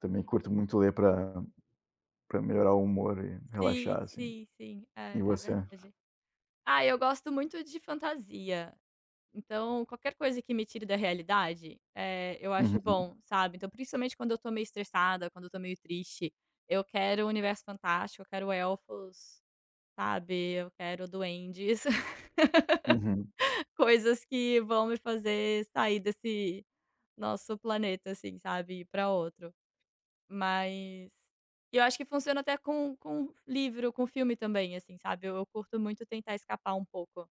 Também curto muito ler para para melhorar o humor e Sim, relaxar, assim. sim, sim, E é, é você? verdade. Ah, eu gosto muito de fantasia. Então, qualquer coisa que me tire da realidade, eh, eu acho Uhum. bom, sabe. Então, principalmente, quando eu tô meio estressada, quando eu tô meio triste, eu quero um universo fantástico, eu quero elfos, sabe, eu quero duendes, Uhum. coisas que vão me fazer sair desse nosso planeta, assim, sabe, e ir pra outro. Mas eu acho que funciona até com com livro, com filme também, assim, sabe, eu curto muito tentar escapar um pouco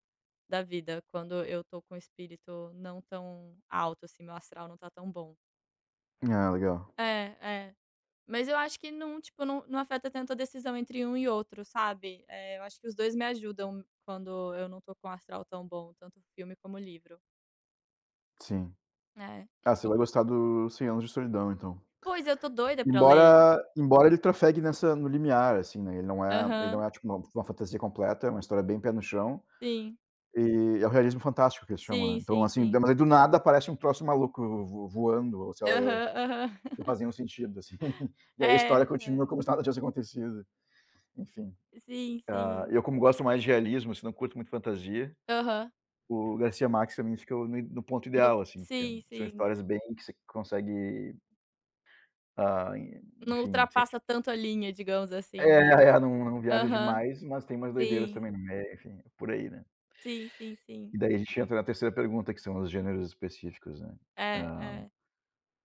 da vida quando eu tô com o espírito não tão alto, assim, meu astral não tá tão bom. Ah, legal. É, é, mas eu acho que não tipo, não, não afeta tanto a decisão entre um e outro, sabe, eh, eu acho que os dois me ajudam quando eu não tô com o astral tão bom, tanto o filme como o livro. Sim. É. Ah, você E vai gostar do Cem Anos de Solidão, então. Pois é, eu tô doida pra ler. Embora embora ele trafegue nessa no limiar, assim, né, ele não é ele não Aham. é, tipo, uma uma fantasia completa, é uma história bem pé no chão. Sim. E é o realismo fantástico que eles chamam, né. Sim, Então, sim, assim, de sim. mane do nada aparece um troço maluco vo voando ou, sei lá eu, Aham, aham. não faz nenhum sentido, assim. E aí, a história É, continua é. como se nada tivesse acontecido. Enfim, Sim, hã, sim. eu como gosto mais de realismo, assim, não curto muito fantasia, Aham. o García Márquez também fica no no ponto Não ideal, assim, que sim, são sim. histórias bem que você consegue ah, e Não enfim, sente ultrapassa tanto a linha, digamos assim, né. É, é, não não viaja Aham. demais, mas tem umas doideiras Sim. também no meio, enfim, por aí, né. Sim, sim, sim. E, daí, a gente entra na 3° pergunta que são os gêneros específicos, né. É, Hã, é.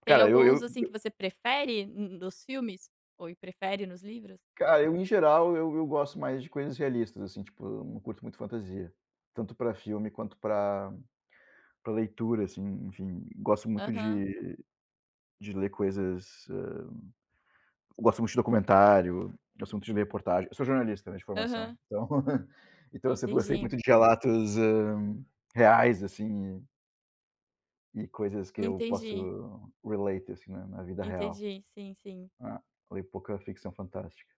Tem cara eu alguns, eu assim, que eu você prefere n-nos filmes ou prefere nos livros? Cara, eu, em geral eu eu gosto mais de coisas realistas, assim, tipo, não curto muito fantasia, tanto pra filme quanto para para leitura, assim, enfim, gosto muito Aham. de de ler coisas hã, gosto muito de documentário, gosto muito de ler reportagem. Eu sou jornalista, né, de formação Aham. então então eu sempre gostei Entendi. muito de relatos, hã, reais, assim e coisas que eu Entendi. posso relate assim, né, na vida real. Entendi. Sim, sim. Hã, leio pouca ficção fantástica.